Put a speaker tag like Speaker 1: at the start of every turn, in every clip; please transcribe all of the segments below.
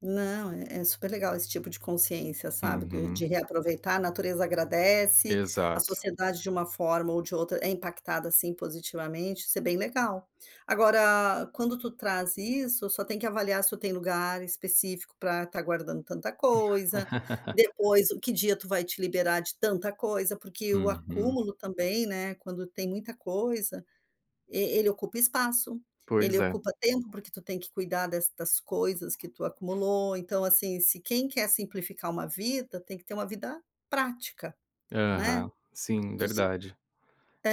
Speaker 1: Não, é é super legal esse tipo de consciência, sabe, de de
Speaker 2: Uhum.
Speaker 1: reaproveitar, a natureza agradece, a
Speaker 2: Exato.
Speaker 1: sociedade de uma forma ou de outra é impactada sim positivamente, isso é bem legal. Agora quando tu traz isso, só tem que avaliar se tu tem lugar específico pra estar guardando tanta coisa, depois o que dia tu vai te liberar de tanta coisa. Porque o
Speaker 2: Uhum.
Speaker 1: acúmulo também, né, quando tem muita coisa e ele ocupa espaço, ele
Speaker 2: Pois é.
Speaker 1: ocupa tempo, porque tu tem que cuidar destas coisas que tu acumulou. Então, assim, se quem quer simplificar uma vida, tem que ter uma vida prática, né.
Speaker 2: Aham, sim,
Speaker 1: Tu se
Speaker 2: verdade.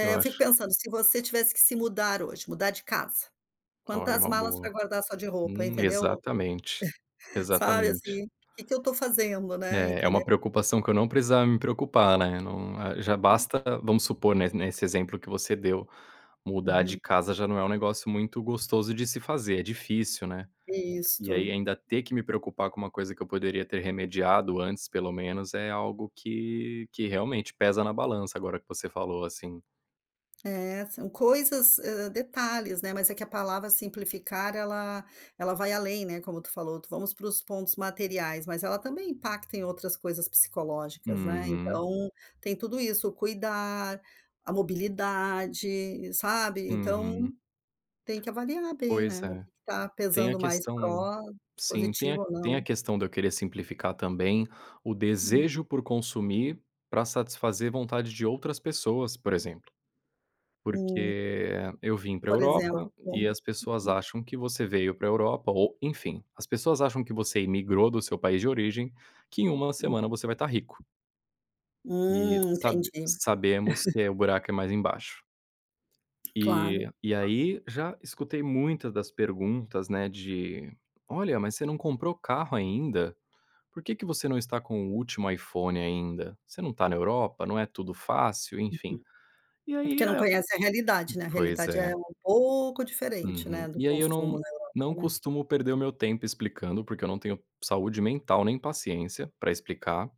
Speaker 2: Eu
Speaker 1: eu fico
Speaker 2: acho
Speaker 1: pensando, se você tivesse que se mudar hoje, mudar de casa,
Speaker 2: Olha, é
Speaker 1: quantas
Speaker 2: uma
Speaker 1: malas pra
Speaker 2: boa.
Speaker 1: guardar só de roupa,
Speaker 2: Hum,
Speaker 1: entendeu.
Speaker 2: exatamente,
Speaker 1: Sabe,
Speaker 2: exatamente.
Speaker 1: assim, "Que que eu tô fazendo?", né,
Speaker 2: É é
Speaker 1: entend
Speaker 2: uma preocupação que eu não precisava me preocupar, né, não já
Speaker 1: Hum.
Speaker 2: basta vamos supor, ne nesse exemplo que você deu, mudar de
Speaker 1: Uhum.
Speaker 2: casa já não é um negócio muito gostoso de se fazer, é difícil, né. E aí
Speaker 1: Isto.
Speaker 2: ainda ter que me preocupar com uma coisa que eu poderia ter remediado antes pelo menos, é algo que que realmente pesa na balança agora que você falou, assim.
Speaker 1: É, são coisas, hã, detalhes, né, mas é que a palavra simplificar ela ela vai além, né, como tu falou, vamos para os pontos materiais, mas ela também impacta em outras coisas psicológicas, né.
Speaker 2: Uhum.
Speaker 1: Então tem tudo isso, o cuidar, a mobilidade, sabe. Então
Speaker 2: Uhum.
Speaker 1: tem que avaliar bem,
Speaker 2: Pois
Speaker 1: né, o que
Speaker 2: é,
Speaker 1: que tá
Speaker 2: tem a
Speaker 1: pesando mais
Speaker 2: questão
Speaker 1: pro
Speaker 2: sim, tem a
Speaker 1: positivo ou
Speaker 2: tem a
Speaker 1: não.
Speaker 2: questão de eu querer simplificar também o
Speaker 1: Hum.
Speaker 2: desejo por consumir pra satisfazer vontade de outras pessoas, por exemplo.
Speaker 1: Hum.
Speaker 2: Porque eu vim pra
Speaker 1: Por exemplo,
Speaker 2: Europa e
Speaker 1: como
Speaker 2: as pessoas
Speaker 1: hhum.
Speaker 2: acham que você veio pra Europa ou enfim, as pessoas acham que você imigrou do seu país de origem, que em 1
Speaker 1: Hum.
Speaker 2: semana você vai estar rico. E
Speaker 1: Hum,
Speaker 2: sab
Speaker 1: entendi.
Speaker 2: sabemos que o buraco é mais embaixo.
Speaker 1: Claro.
Speaker 2: E e
Speaker 1: [unintelligible]
Speaker 2: aí já escutei muitas das perguntas, né, de "Olha, mas você não comprou carro ainda? Por que que você não tá com o último iPhone ainda? Você não tá na Europa, não é tudo fácil?", enfim.
Speaker 1: Uhum.
Speaker 2: E
Speaker 1: É
Speaker 2: aí
Speaker 1: porque não
Speaker 2: é
Speaker 1: conhecem a realidade, né, a
Speaker 2: pois
Speaker 1: realidade é
Speaker 2: é.
Speaker 1: um pouco diferente,
Speaker 2: Uhum.
Speaker 1: né, do
Speaker 2: E aí eu
Speaker 1: consumo
Speaker 2: não
Speaker 1: na Europa,
Speaker 2: não
Speaker 1: né.
Speaker 2: costumo perder o meu tempo explicando, porque eu não tenho saúde mental nem paciência pra explicar.